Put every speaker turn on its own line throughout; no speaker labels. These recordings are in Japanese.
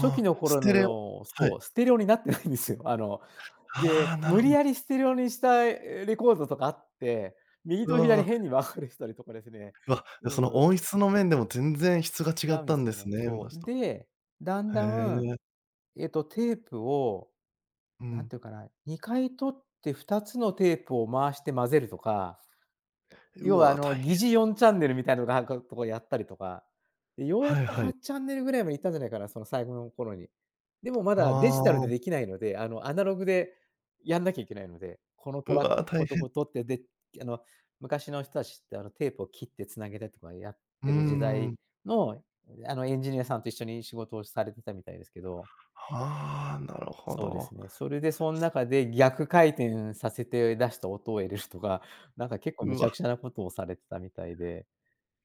初期
あ、
の
ス
頃
テレオ
の
はい。
そう、ステレオになってないんですよ。あの、
ああ、
で、
なる
無
ほ
理
ど。
やりステレオにした、え、レコードとかあって、右
う
と左
わ。
変に分かれてたりとかですね。
うわ、
う
じゃ、その
ーん。
音質の面でも全然質が
違
違っ
うんで
たん
す
で
よ
す
ね。
ね、
そ
昔
う。
と。
で、だん
へ
だん、
え。
えっと、テープを、
う
なん
ん。
ていうかな、2回取って2つのテープを回して混ぜるとか、
う
要は、あ
わ、
の、
大
疑
変。
似4チャンネルみたいなのがかとかやったりとか、で、ようやっ
はい
と
は
はっ
い。
チャンネルぐらいまでいったんじゃないかな、その最後の頃に。でもま
は
だデジタル
あ。
でできないので、あの、アナログでやんなきゃいけないので、このト
う
ラック、
わ、
ここ
大
とこ
変。
取って、で、きあの、昔の人たちって、あの、テープを切って繋げてとかやっ
うー
てる時代
ん。
の、ん、あの、エンジニアさんと一緒に仕事をされてたみたいですけど。
はあ、なるほ
そうで
ど。
すね。それで、そん中で逆回転させて出した音を入れるとか、なんか、結構無
う
茶
わ。
苦茶なことをされてたみたいで。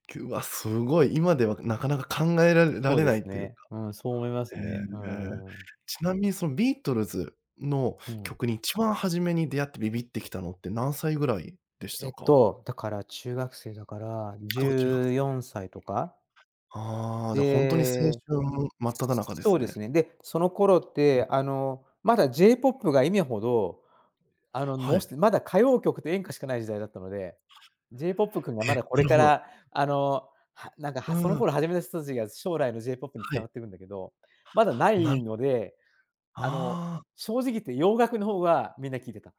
きゅうわ、すごい。今ではなかなか考えられら
そう
れ
で
な
す
いという
ね。
か。
うん、そう思います
へえ。
ね、うーん。
ちなみに、その、ビートルズの
うん。
曲に一番初めに出会ってビビってきたのって何歳ぐらいでし
え
た
っ
か？
と、だから、中学生だからじ
ああ、中学
ゅ
生。
うよんさいとか。
ああ、じゃ、ほんとに青
で
春真っ只中で
そ
す
うです
ね。
ね。で、その頃っ
うん。
て、あの、まだ J ポップが今ほど、あの、
は
のし
い。
てまだ歌謡曲と演歌しかない時代だったので、J ポップ君がま
え、
だこ
な
れ
る
か
ほど。
ら、あの、はなんか、
う
はその
ーん。
頃始めた人たちが将来の J ポップに
は
繋
い。
がってるんだけど、まだな
な
い
る
ので、あの、
ああ。
正直言って洋楽の方がみんな聴いてた。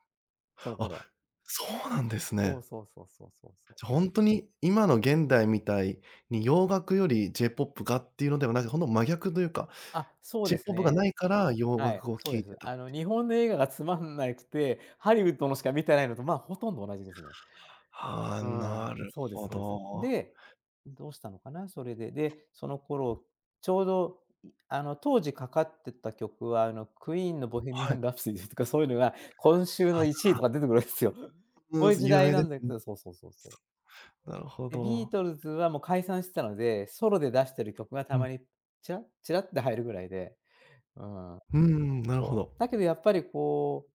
その
あ、
頃は。
そうなんです
そ
ね。
うそうそうそうそうそう。
じゃ、ほんとに今の現代みたいに洋楽より J ポップがっていうのではなく、ほんと真逆というか、
あ、そう
J
です
ポップがな
ね。
いから洋
はい、
楽を
そ
聴
うで
いて
す。
たっ
あ
て
の、
いう。
日本の映画がつまんないつて、ハリウッドのしか見てないのと、まあ、ほとんど同じですね。
はあ、
うー
な
ん、
る
そうです
ほ
そうです。
ど。
で、どうしたのかな、それで。で、その頃ちょうど、んあの、当時かかってた曲は、あの、クイーンのボヘミア
はい。
ン・ラプソディーとかそういうのが、今週の1位と か出てくるわすよ。こういう時
有
代
名
な
で
んで
す
す
ね。
けどそうそうそうそう。
なるほ
で、ビー
ど。
トルズは、も、解散してたので、ソロで出してる曲がた
うん。
まに、ちら、ちらって入るぐらいで。うーん。
うーん、なるほ
そう。
ど。
だけどやっぱり、こう